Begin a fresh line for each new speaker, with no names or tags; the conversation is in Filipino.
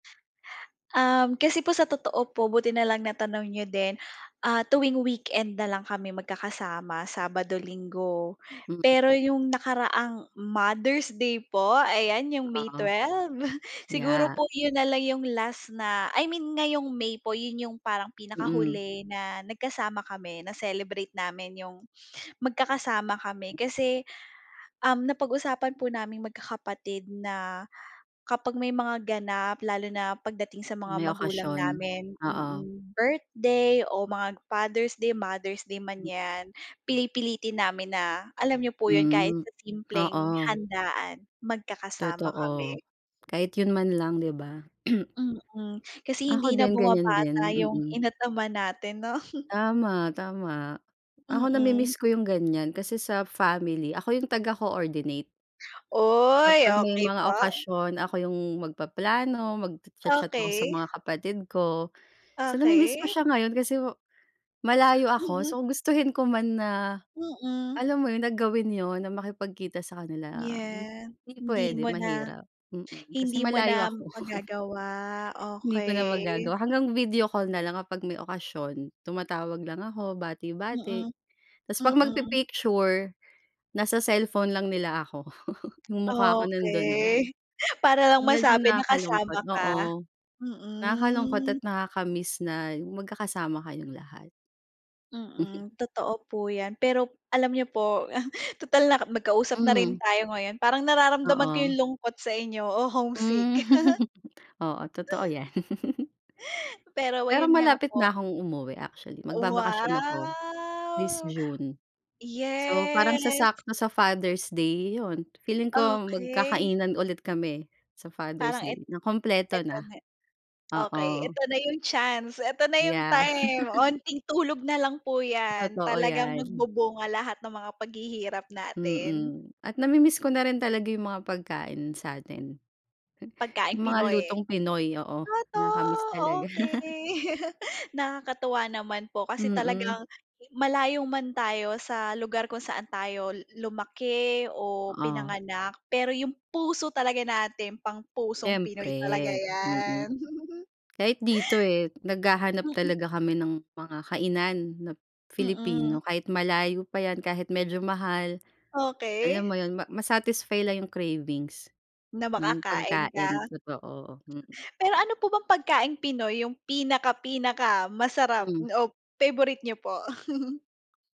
Um, kasi po sa totoo po buti na lang natanong niyo din, ah, tuwing weekend na lang kami mag-kakasama Sabado, Linggo.
Mm.
Pero 'yong nakaraang Mother's Day po, ayan 'yong May
Ah.
12. Siguro
Yeah.
po 'yon na lang 'yong last na, I mean ngayong May po yun yung parang
Mm.
pinakahuli na nagkasama kami na-celebrate namin 'yong magkakasama kami kasi, um, napag-usapan po naming magkakapatid na, kapag may mga ganap, lalo na pagdating sa mga
May
magulang
okasyon,
namin,
oo.
mm, birthday o mga Father's Day, Mother's Day man yan, pili pilitin namin na alam niyo po yun kahit
Hmm.
sa simpleng
Oo.
handaan, magkakasama
Totoo.
kami.
Kahit yun man lang, di ba?
Mm, kasi
Ako
hindi na
din ganyan din,
bumabata yung
mm.
ina at ama natin no.
Tama, tama. Ako
Mm.
namimiss ko yung ganyan kasi sa family, ako yung taga-coordinate.
Uy,
Kapag may
okey
mga
po.
okasyon, ako yung mag-paplano, magcha-chat ako sa
Okey.
mga kapatid ko. So na-mimiss ko
Okey.
siya ngayon kasi malayo ako,
Mm.
so gustuhin ko man na,
Mm.
alam mo yun na gawin 'yon, na makipagkita sa kanila,
Yeah,
hindi
hindi
pwede,
mo na,
mahirap, mm, kasi
hindi mo
malayo
na
ako.
magagawa,
Hindi ko na
okey.
magagawa, hanggang video call nalang kapag may okasyon, tumatawag lang ako, bati-bati.
Mm,
Tas pag
mm.
magpi-picture, nasa cellphone lang nila ako, yung mukha ko nandun lang.
Okey. Para lang
Medyo
masabi na kasama
nakakalungkot
ka.
oo. Nakakalungkot at
Mm.
nakaka-miss na yung magkakasama kayong lahat.
Mm, totoo po yan pero alam niyo po, tutal na mag-kausap na rin
Mm.
tayo ngayon, parang nararamdaman ko
Oo.
yung lungkot sa inyo, o homesick.
Hmm. Oo totoo yan.
Pero
Pero
ayun nga
malapit
po.
na akong umuwi actually magbabakasyon ako. This
Wow.
June. So parang
Yes.
sasakto sa Father's Day yun, feeling ko
Okey.
magkakainan ulit kami sa Father's
Parang et
Day na kumpleto
eto
na.
na. Okey
Oo.
eto na yung chance, eto na yung
Yeah.
time onting tulog nalang po yan,
Totoo
talagang
yan.
mag-bubunga lahat ng mga paghihirap natin.
Mm, at na-mimiss ko na rin talaga yung mga pagkain sa'tin.
Pagkaing
Yung mga
Pinoy.
lutong Pinoy oo,
Totoo,
nakaka-miss talaga.
okey. Nakakatuwa naman po kasi
Mm.
talagang, malayo man tayo sa lugar kung saan tayo lumaki o
Oh.
pinanganak pero yung puso talaga natin pang pusong Pinoy
Siyempre,
talaga yan.
mm. Kahit dito eh, naghahanap
Mm.
talaga kami ng mga kainan na Filipino
Mm.
kahit malayo pa yan kahit medyo mahal. Alam
Okey.
mo yun ma ma-satisfy lang yung cravings,
Na
nung
makakain
pagkain
ka?
totoo mm.
Pero ano po bang pagkaing Pinoy yung pinaka pinaka-masarap
Hmm.
o favorite niyo po?